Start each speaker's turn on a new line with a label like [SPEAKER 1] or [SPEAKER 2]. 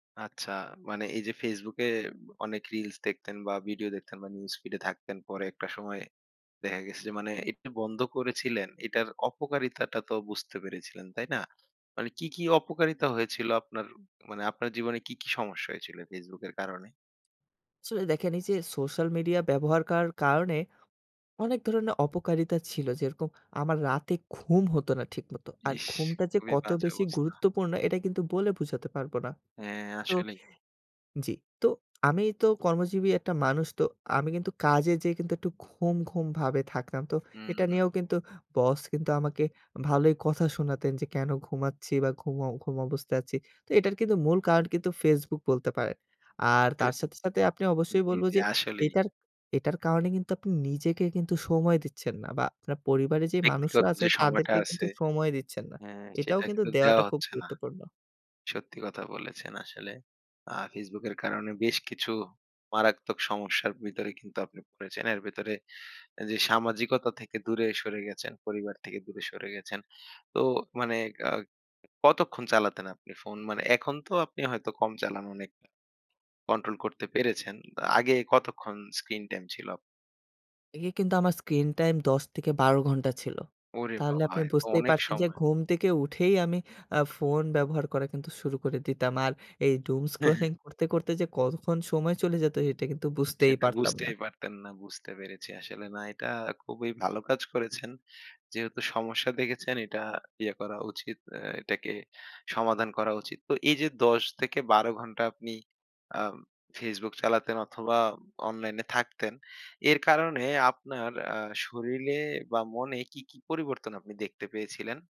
[SPEAKER 1] আচ্ছা, মানে এই যে Facebook এ অনেক রিলস দেখতেন বা ভিডিও দেখতেন বা নিউজ ফিড এ থাকতেন। পরে একটা সময় দেখা গেছে যে মানে এটা বন্ধ করেছিলেন। এটার অপকারিতাটা তো বুঝতে পেরেছিলেন, তাই না? মানে কি, কি অপকারিতা হয়েছিল আপনার? ও মানে আপনার জীবনে কি, কি সমস্যা হয়েছিল Facebook এর কারণে?
[SPEAKER 2] আসলে দেখেন এই যে সোশ্যাল মিডিয়া ব্যবহার কার করার কারণে অনেক ধরনের অপকারিতা ছিল। যেরকম আমার রাতে ঘুম হত না ঠিক মতো। আর
[SPEAKER 1] ইস!
[SPEAKER 2] ঘুমটা যে
[SPEAKER 1] খুবই
[SPEAKER 2] কত
[SPEAKER 1] বাজে
[SPEAKER 2] বেশি
[SPEAKER 1] অবস্থা।
[SPEAKER 2] গুরুত্বপূর্ণ এটা কিন্তু বলে বোঝাতে পারব না।
[SPEAKER 1] হ্যাঁ,
[SPEAKER 2] তো
[SPEAKER 1] আসলেই।
[SPEAKER 2] জি, তো, আমি তো কর্মজীবী একটা মানুষ। তো, আমি কিন্তু কাজে যেয়ে কিন্তু একটু ঘুম, ঘুম ভাবে থাকতাম। তো
[SPEAKER 1] হুম,
[SPEAKER 2] এটা
[SPEAKER 1] হুম।
[SPEAKER 2] নিয়েও কিন্তু বস কিন্তু আমাকে ভালোই কথা শোনাতেন। যে কেন ঘুমাচ্ছি বা ঘুম, ঘুম অবস্থায় আছি? তো এটার কিন্তু মূল কারণ কিন্তু Facebook বলতে পারেন। আর তার সাথে, সাথে আপনি অবশ্যই
[SPEAKER 1] জি,
[SPEAKER 2] বলব
[SPEAKER 1] জি
[SPEAKER 2] যে
[SPEAKER 1] আসলেই।
[SPEAKER 2] এটার এটার কারণে কিন্তু আপনি নিজেকে কিন্তু সময় দিচ্ছেন না। বা আপনার পরিবারে যে মানুষরা
[SPEAKER 1] ব্যক্তিগত
[SPEAKER 2] আছে
[SPEAKER 1] যে সময়টা
[SPEAKER 2] তাদেরকে কিন্তু
[SPEAKER 1] আছে,
[SPEAKER 2] সময় দিচ্ছেন না।
[SPEAKER 1] হ্যাঁ,
[SPEAKER 2] এটাও
[SPEAKER 1] সেটা
[SPEAKER 2] কিন্তু
[SPEAKER 1] কিন্তু দেয়া
[SPEAKER 2] দেওয়াটা খুব
[SPEAKER 1] হচ্ছে না।
[SPEAKER 2] গুরুত্বপূর্ণ।
[SPEAKER 1] সত্যি কথা বলেছেন, আসলে। আ Facebook এর কারণে বেশ কিছু মারাত্মক সমস্যার ভিতরে কিন্তু আপনি পড়েছেন। এর ভেতরে যে সামাজিকতা থেকে দূরে সরে গেছেন, পরিবার থেকে দূরে সরে গেছেন। তো মানে কাগ কতক্ষণ চালাতেন আপনি ফোন? মানে এখন তো আপনি হয়তো কম চালান অনেক, কন্ট্রোল করতে পেরেছেন। আগে কতক্ষণ স্ক্রিন টাইম ছিল আপ
[SPEAKER 2] এ কিন্তু আমার স্ক্রিন টাইম ১০ থেকে ১২ ঘন্টা ছিল।
[SPEAKER 1] ওরে
[SPEAKER 2] তাহলে
[SPEAKER 1] বাবা!
[SPEAKER 2] আপনি
[SPEAKER 1] এ তো
[SPEAKER 2] বুঝতেই
[SPEAKER 1] অনেক
[SPEAKER 2] পারছেন যে
[SPEAKER 1] সময়।
[SPEAKER 2] ঘুম থেকে উঠেই আমি আ ফোন ব্যবহার করা কিন্তু শুরু করে দিতাম। আর এই doomscrolling করতে, করতে যে কতক্ষণ সময় চলে যেত এটা কিন্তু বুঝতেই
[SPEAKER 1] সেটা
[SPEAKER 2] পারতাম না।
[SPEAKER 1] বুঝতেই পারতেন না। বুঝতে পেরেছি আসলে, না এটা খুবই ভালো কাজ করেছেন। যেহেতু সমস্যা দেখেছেন এটা ইয়ে করা উচিত। অ্যা এটাকে সমাধান করা উচিত। তো এই যে ১০ থেকে ১২ ঘন্টা আপনি আও Facebook চালাতেন অথবা অনলাইনে থাকতেন। এর কারণে আপনার আ শরীরে বা মনে কি, কি পরিবর্তন আপনি দেখতে পেয়েছিলেন?